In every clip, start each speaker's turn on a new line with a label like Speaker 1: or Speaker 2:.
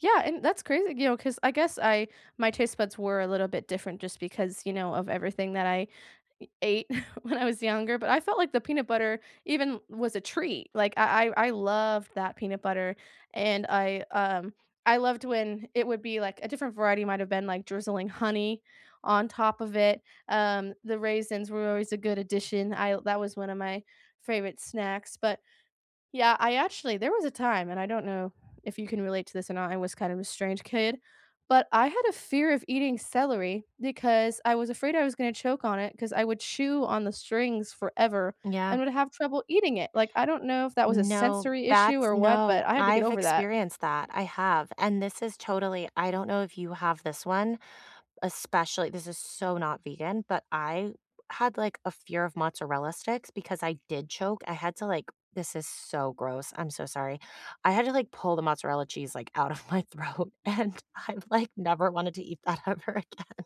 Speaker 1: Yeah, and that's crazy, you know, 'cause, I guess I my taste buds were a little bit different just because, you know, of everything that I a ate when I was younger, but I felt like the peanut butter even was a treat, like, I I I loved that peanut butter, and I, um, I loved when it would be like, a different variety might've been like drizzling honey, on top of it, um, the raisins were always a good addition, l that was one of my favorite snacks, but, yeah, I actually, there was a time, and I don't know if you can relate to this or not, I was kind of a strange kid, but I had a fear of eating celery because I was afraid I was gonna choke on it, 'cause I would chew on the strings forever
Speaker 2: Yeah.
Speaker 1: and would have trouble eating it, like I don't know if that was a
Speaker 2: No.
Speaker 1: sensory issue
Speaker 2: That's
Speaker 1: or what, but
Speaker 2: no,
Speaker 1: I had to get
Speaker 2: I've
Speaker 1: over that.
Speaker 2: experienced that, I have, and this is totally I don't know if you have this one, especially- this is so not vegan- but I had, like, a fear of mozzarella sticks because I did choke, I had to, like- this is so gross, I'm so sorry- I had to, like, pull the mozzarella cheese, like, out of my throat, and I, like, never wanted to eat that ever again.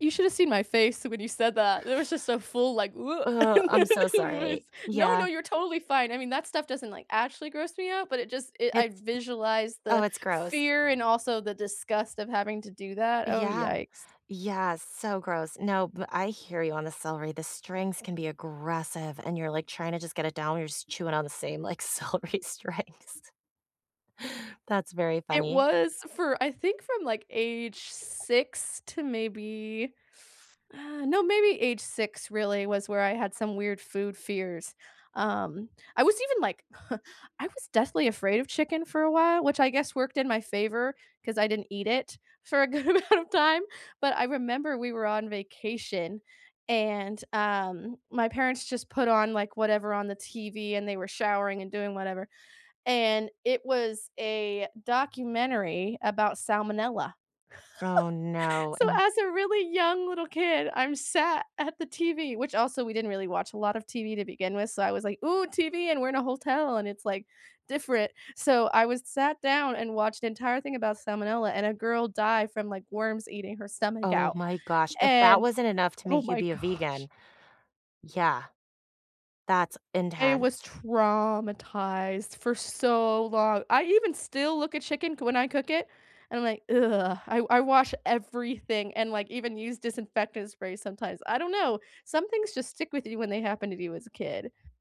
Speaker 1: You shoulda seen my face when you said that. There was just a full, like, woot on
Speaker 2: Oh, I'm so
Speaker 1: my
Speaker 2: sorry.
Speaker 1: face no, no,
Speaker 2: Yeah.
Speaker 1: you're totally fine, I mean, that stuff doesn't, like, actually gross me out, but it just it I
Speaker 2: It's
Speaker 1: visualize
Speaker 2: oh,
Speaker 1: the
Speaker 2: it's gross.
Speaker 1: fear and also the disgust of having to do that, oh,
Speaker 2: Yeah.
Speaker 1: yikes.
Speaker 2: Yeah, so gross. No, but I hear you on the celery, the strings can be aggressive, and you're, like, trying to just get it down, you're just chewing on the same, like, celery strings. That's very
Speaker 1: It
Speaker 2: funny.
Speaker 1: was for I think from, like, age 6 to maybe ah, no maybe age 6, really, was where I had some weird food fears, um, I was even, like, I was deathly afraid of chicken for a while, which I guess worked in my favor, 'cause I didn't eat it for a good amount of time, but I remember we were on vacation and, um, my parents just put on, like, whatever on the TV and they were showering and doing whatever, and it was a documentary about salmonella.
Speaker 2: Oh, no,
Speaker 1: So
Speaker 2: and
Speaker 1: as a really young little kid, I'm sat at the TV, which also we didn't really watch a lot of TV to begin with, so I was like, "Ooh, TV and we're in a hotel, and it's, like, different." So, I was sat down and watched the entire thing about salmonella, and a girl died from, like, worms eating her stomach
Speaker 2: Oh
Speaker 1: out,
Speaker 2: my gosh, if that
Speaker 1: and
Speaker 2: wasn't enough to
Speaker 1: oh
Speaker 2: make you
Speaker 1: my
Speaker 2: be a
Speaker 1: gosh.
Speaker 2: vegan. Yeah. That's
Speaker 1: I was
Speaker 2: intense.
Speaker 1: traumatized for so long, I even still look at chicken c when I cook it, and I’m like, "ugh," I I wash everything and, like, even use disinfectant spray sometimes, I don't know, some things just stick with you when they happen to you as a kid.